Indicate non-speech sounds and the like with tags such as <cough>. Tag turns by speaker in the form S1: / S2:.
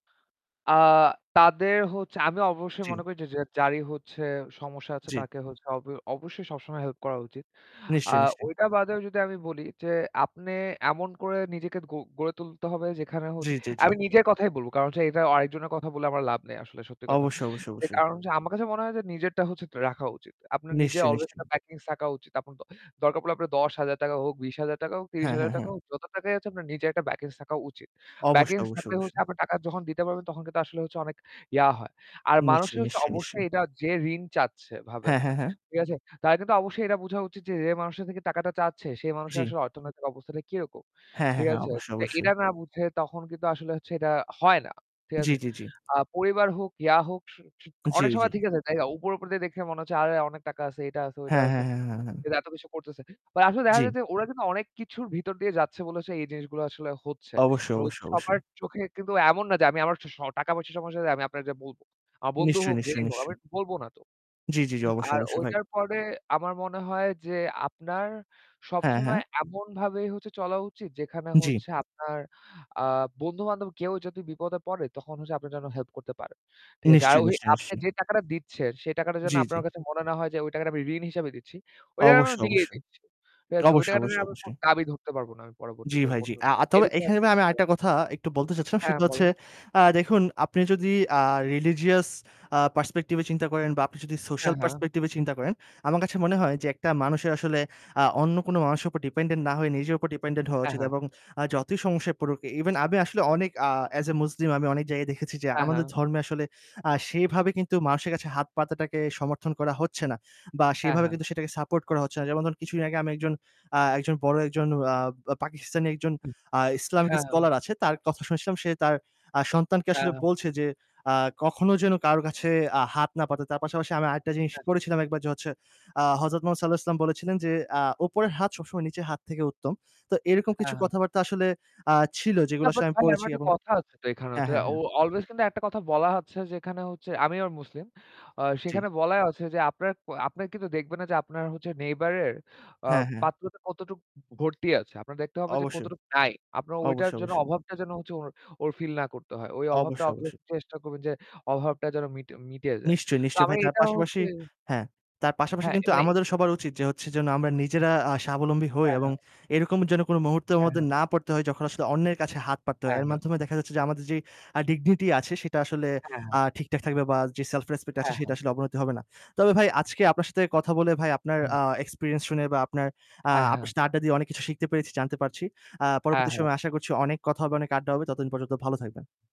S1: আ তাদের হচ্ছে আমি অবশ্যই
S2: জ্বী।
S1: মনে করি যে যে যারই হচ্ছে সমস্যা আছে
S2: জ্বি।
S1: তাকে হচ্ছে অব অবশ্যই সবসময় হেল্প করা উচিত। আ
S2: নিশ্চয়ই, নিশ্চয়ই।
S1: ওইটা বাদেও যদি আমি বলি যে আপনে এমন করে নিজেকে গ গড়ে তুলতে হবে যেখানে
S2: জী,
S1: হচ্ছে
S2: জী জী।
S1: আমি নিজের কথাই বলবো। কারণ হচ্ছে এটা অ আরেকজনের কথা বলে আমার লাভ নেই আসলে সত্যি কথা।
S2: অবশ্যই, অবশ্যই,
S1: এ
S2: অবশ্যই।
S1: কারণ হচ্ছে আমার কাছে মনে হয় যে নিজেরটা হচ্ছে ত রাখা উচিত। আপনার নিজের
S2: নিশ্চয়ই,
S1: অলওয়েজ
S2: নিশ্চয়ই।
S1: একটা প্যাকিংস থাকা উচিত। আপনার তো দরকার পড়লে আপনার ৳১০,০০০ হোক, ৳২০,০০০ হোক ত্রিশ
S2: হ্যাঁ,
S1: হাজার
S2: হ্যাঁ,
S1: টাকা
S2: হ্যাঁ।
S1: হোক, যত টাকাই আছে আপনার নিজের একটা ব্যাকিংস থাকা উচিত।
S2: অবশ্য,
S1: ব্যাকিংস
S2: অবশ্য,
S1: থাকলে হচ্ছে
S2: অবশ্যই।
S1: আপনার টাকা যখন দিতে পারবেন, তখন কিন্তু আসলে হচ্ছে অনেক ইয়া হয়। আর মানুষে
S2: নিশ্চয়ই,
S1: হচ্ছে
S2: নিশ্চয়ই, নিশ্চয়ই।
S1: অবশ্যই এটা যে ঋণ চাচ্ছে ভাবে,
S2: হ্যাঁ, হ্যাঁ, হ্যাঁ।
S1: ঠিক আছে? তাদের কিন্তু অবশ্যই এটা বোঝা উচিত যে, যে মানুষের থেকে টাকাটা চাচ্ছে সে
S2: জ্বি।
S1: মানুষের অর্থনৈতিক অবস্থাটা কিরকম,
S2: হ্যাঁ, হ্যাঁ,
S1: ঠিক
S2: হ্যাঁ,
S1: আছে?
S2: অবশ্যই,
S1: কিন্তু
S2: অবশ্যই।
S1: এটা না বুঝে তখন কিন্তু আসলে এটা হয় না, ঠিক
S2: জ্বী,
S1: আছে?
S2: জ্বী, জ্বী।
S1: আ পরিবার হোক, ইয়া হোক, স স
S2: জ্বী,
S1: অনেক সময়
S2: জ্বী।
S1: ঠিক আছে, তাই না? উপর, উপর দিয়ে দেখে মনে হচ্ছে আরে অনেক টাকা আছে, এটা আছে ওইটা
S2: হ্যাঁ, হ্যাঁ,
S1: আছে।
S2: হ্যাঁ, হ্যাঁ হ্যাঁ।
S1: ফের এত কিছু করতেছে। তা আসলে দেখা
S2: জ্বি।
S1: যায় যে ওরা কিন্তু অনেক কিছুর ভিতর দিয়ে যাচ্ছে বলেছে এই জিনিসগুলো আসলে হচ্ছে।
S2: অবশ্যই,
S1: <unintelligible>
S2: অবশ্যই, অবশ্যই।
S1: সবার চোখে কিন্তু এমন না যে আমি আমার স টাকা-পয়সা সমস্যা হলে আমি আপনারে যাইয়ে বলব। আমার বন্ধু
S2: নিশ্চয়ই,
S1: হোক যেই
S2: নিশ্চয়ই,
S1: হোক
S2: নিশ্চয়ই।
S1: আমি বলব না তো।
S2: জ্বি, জি, জি, অবশ্যই,
S1: আর
S2: অবশ্যই, ভাই।
S1: ওইটার পরে আমার মনে হয় যে আপনার
S2: হ্যাঁ,
S1: সবসময়
S2: হ্যাঁ।
S1: এমনভাবেই হচ্ছে চলা উচিত যেখানে
S2: জ্বি।
S1: হচ্ছে আপনার আ বন্ধু-বান্ধব কেউ যদি বিপদে পড়ে, তখন হচ্ছে আপনে যেন হেল্প করতে পারেন, ঠিক আছে? আর
S2: নিশ্চয়ই,
S1: ওই
S2: নিশ্চয়ই,
S1: আপনে
S2: নিশ্চয়ই।
S1: যে টাকাটা দিচ্ছেন সেই টাকাটা যেন
S2: জ্বী, জ্বী।
S1: আপনার কাছে মনে না হয় যে ওই টাকাটা আমি ঋণ হিসাবে দিচ্ছি। ওই টাকাটা
S2: অবশ্যই,
S1: দিয়েই
S2: অবশ্যই।
S1: দিচ্ছি, ঠিক আছে? ওই
S2: অবশ্যই,
S1: টাকাটা
S2: অবশ্যই,
S1: নিয়ে আবার কোন
S2: অবশ্যই।
S1: দাবি ধরতে পারবো না আমি
S2: জ্বি
S1: পরবর্তীতে
S2: ভাই জ্বী।
S1: কোনরকম।
S2: আ আ তবে
S1: এরকম
S2: এখানে আমি
S1: <unintelligible>
S2: আরেকটা কথা একটু বলতে চাচ্ছিলাম।
S1: হ্যাঁ,
S2: সেটা হচ্ছে
S1: বলুন।
S2: আ দেখুন আপনি যদি আ religious আ perspective এ চিন্তা করেন বা আপনি যদি
S1: হ্যাঁ,
S2: social
S1: হ্যাঁ।
S2: perspective এ চিন্তা করেন, আমার কাছে মনে হয় যে একটা মানুষের আসলে আ অন্য কোনো মানুষের উপর dependent না হয়ে নিজের উপর dependent হওয়া
S1: হ্যাঁ,
S2: উচিত।
S1: হ্যাঁ।
S2: এবং আ যতই সমস্যায় পড়ুক ইভেন আমি আসলে অনেক আ as a muslim আমি অনেক জায়গায় দেখেছি যে
S1: হ্যাঁ,
S2: আমাদের
S1: হ্যাঁ।
S2: ধর্মে আসলে আ সেভাবে কিন্তু মানুষের কাছে হাত পাতাটাকে সমর্থন করা হচ্ছে না বা
S1: হ্যাঁ,
S2: সেভাবে
S1: হ্যাঁ।
S2: কিন্তু সেটাকে সাপোর্ট করা হচ্ছে না। যেমন ধরুন কিছুদিন আগে আমি একজন আ একজন বড় একজন আ ব পাকিস্তানি একজন আ ইসলামিক
S1: হ্যাঁ, হ্যাঁ।
S2: স্কলার আছে। তার কথা শুনেছিলাম। সে তার আ সন্তানকে
S1: হ্যাঁ,
S2: আসলে
S1: হ্যা।
S2: বলছে যে আ "কখনো যেন কারো কাছে আ হাত না পাতে।" তার পাশাপাশি আমি আরেকটা জিনিস
S1: হ্যা।
S2: পড়েছিলাম একবার যে হচ্ছে আ হযরত মুহম্মদ সাঃ বলেছিলেন যে আ "উপরের হাত সবসময় নিচের হাত থেকে উত্তম।" তো এরকম কিছু
S1: হ্যাঁ, হ্যাঁ।
S2: কথাবার্তা আসলে আ ছিল
S1: না
S2: যেগুলো
S1: বাট
S2: আমি
S1: ভাই
S2: পড়েছি
S1: আমার একটা
S2: এবং
S1: কথা আছে তো এখানেও
S2: হ্যাঁ,
S1: তো
S2: হ্যাঁ,
S1: ও
S2: হ্যাঁ।
S1: অলওয়েজ কিন্তু একটা কথা বলা হচ্ছে যে এখানে হচ্ছে আমি আবার মুসলিম। অ
S2: জ্বী।
S1: সেখানে বলাই আছে যে আপনার ক আপনারা কিন্তু দেখবেন না যে আপনার হচ্ছে neighbor এর আ
S2: হ্যাঁ, হ্যাঁ।
S1: পাত্রটা কতটুকু ভর্তি আছে। আপনার দেখতে হবে যে
S2: অবশ্যই।
S1: কতটুকু নাই। আপনার ওইটার
S2: অবশ্যই,
S1: জন্য
S2: অবশ্যই।
S1: অভাবটা যেন হচ্ছে ওর ওর ফিল না করতে হয়। ওই অভাবটা
S2: অবশ্যই,
S1: <unintelligible>
S2: অবশ্যই।
S1: চেষ্টা করবেন যে অভাবটা যেন মিটে মিটিয়ে যায়।
S2: নিশ্চয়ই,
S1: তো
S2: নিশ্চয়ই
S1: আমি
S2: ভাই। তার
S1: এটা
S2: পাশাপাশি
S1: হচ্ছে
S2: হ্যাঁ, তার পাশাপাশি
S1: হ্যাঁ,
S2: কিন্তু
S1: এ
S2: আমাদেরও সবার উচিত যে হচ্ছে যেন আমরা নিজেরা আ স্বাবলম্বী হই
S1: হ্যাঁ,
S2: এবং
S1: হ্যাঁ।
S2: এরকম যে কোন মুহূর্তর
S1: হ্যাঁ,
S2: মধ্যে
S1: হ্যাঁ
S2: না পড়তে হয় যখন আসলে অন্যের কাছে হাত পাততে হয়।
S1: হ্যাঁ,
S2: এর
S1: হ্যাঁ।
S2: মাধ্যমে দেখা যাচ্ছে যে আমাদের যেই আ dignity আছে সেটা আসলে
S1: হ্যাঁ, হ্যাঁ।
S2: আ ঠিকঠাক থাকবে বা যে self respect আছে
S1: হ্যাঁ,
S2: সেটা
S1: হ্যাঁ।
S2: আসলে অবনতি হবে না। তবে ভাই আজকে আপনার সাথে কথা বলে ভাই আপনার
S1: হ্যাঁ।
S2: আ এক্সপেরিয়েন্স শুনে বা আপনার আ
S1: হ্যাঁ,
S2: আপনার
S1: হ্যাঁ।
S2: সাথে আড্ডা দিয়ে অনেক কিছু শিখতে পেরেছি, জানতে পারছি। আ
S1: হ্যাঁ,
S2: পরবর্তী
S1: হ্যাঁ।
S2: সময় আশা করছি অনেক কথা হবে, অনেক আড্ডা হবে। ততদিন পর্যন্ত ভালো থাকবেন।